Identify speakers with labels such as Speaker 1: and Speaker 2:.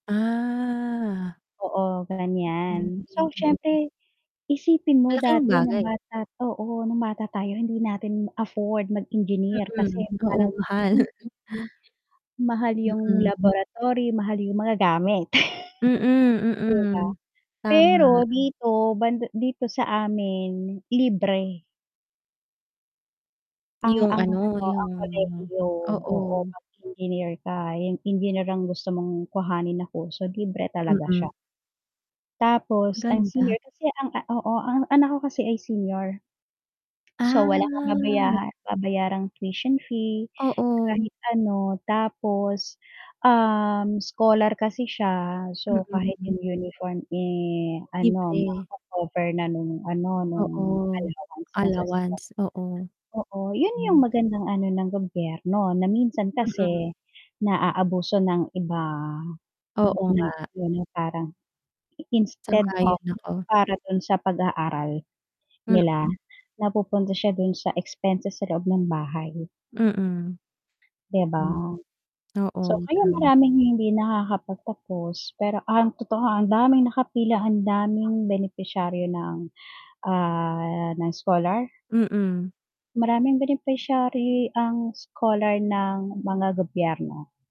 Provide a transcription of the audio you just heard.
Speaker 1: Ah.
Speaker 2: Oo, ganyan. So,
Speaker 1: [unintelligible]
Speaker 2: siyempre isipin mo
Speaker 1: Malaking
Speaker 2: dati nung
Speaker 1: bagay.
Speaker 2: bata oo, nung bata tayo hindi natin afford
Speaker 1: Mm,
Speaker 2: mag-engineer kasi
Speaker 1: mm. Oo,
Speaker 2: parang yung
Speaker 1: mahal.
Speaker 2: tuition fee, mahal yung
Speaker 1: Mm.
Speaker 2: laboratory, mahal yung mga gamit,
Speaker 1: Mm,
Speaker 2: 'di ba?
Speaker 1: mm. Tama.
Speaker 2: Pero dito band dito sa amin, libre. Ang
Speaker 1: Yung
Speaker 2: ang
Speaker 1: ano,
Speaker 2: ano,
Speaker 1: yung
Speaker 2: ang kolehiyo, oo. Oo,
Speaker 1: oo.
Speaker 2: 'pag Engineer ka. Engineer ang gusto mong kuhanin na kurso, libre talaga
Speaker 1: Mm.
Speaker 2: siya. Tapos ang
Speaker 1: Ganda.
Speaker 2: senior kasi ang, ah oo ang anak ko kasi ay senior. So, wala kang
Speaker 1: Ah.
Speaker 2: babaya babayarang tuition fee,
Speaker 1: Oo.
Speaker 2: kahit ano. Tapos, um, scholar kasi siya so kahit
Speaker 1: Mm.
Speaker 2: yung uniform, eh, ano,
Speaker 1: Libre.
Speaker 2: mako-cover na nung ano, nung
Speaker 1: Oo.
Speaker 2: allowance niya sa [unintelligible]
Speaker 1: Allowance, oo.
Speaker 2: Oo, yun yung
Speaker 1: Mm.
Speaker 2: magandang ano ng gobyerno na minsan
Speaker 1: Mm.
Speaker 2: kasi naaabuso ng iba.
Speaker 1: Oo
Speaker 2: [unintelligible]
Speaker 1: nga.
Speaker 2: Yun yung parang instead of
Speaker 1: Sang-ayon ako.
Speaker 2: para dun sa pag-aaral nila,
Speaker 1: Mm.
Speaker 2: napupunta siya dun sa expenses sa loob ng bahay.
Speaker 1: Mm.
Speaker 2: 'Di ba?
Speaker 1: Oo,
Speaker 2: So, kaya
Speaker 1: tama.
Speaker 2: maraming hindi nakakapagtapos, pero ang totoo, ang daming nakapila, ang daming benepisaryo ng, ah, ng scholar.
Speaker 1: Mm.
Speaker 2: Maraming beneficiary ang scholar ng mga gobyerno.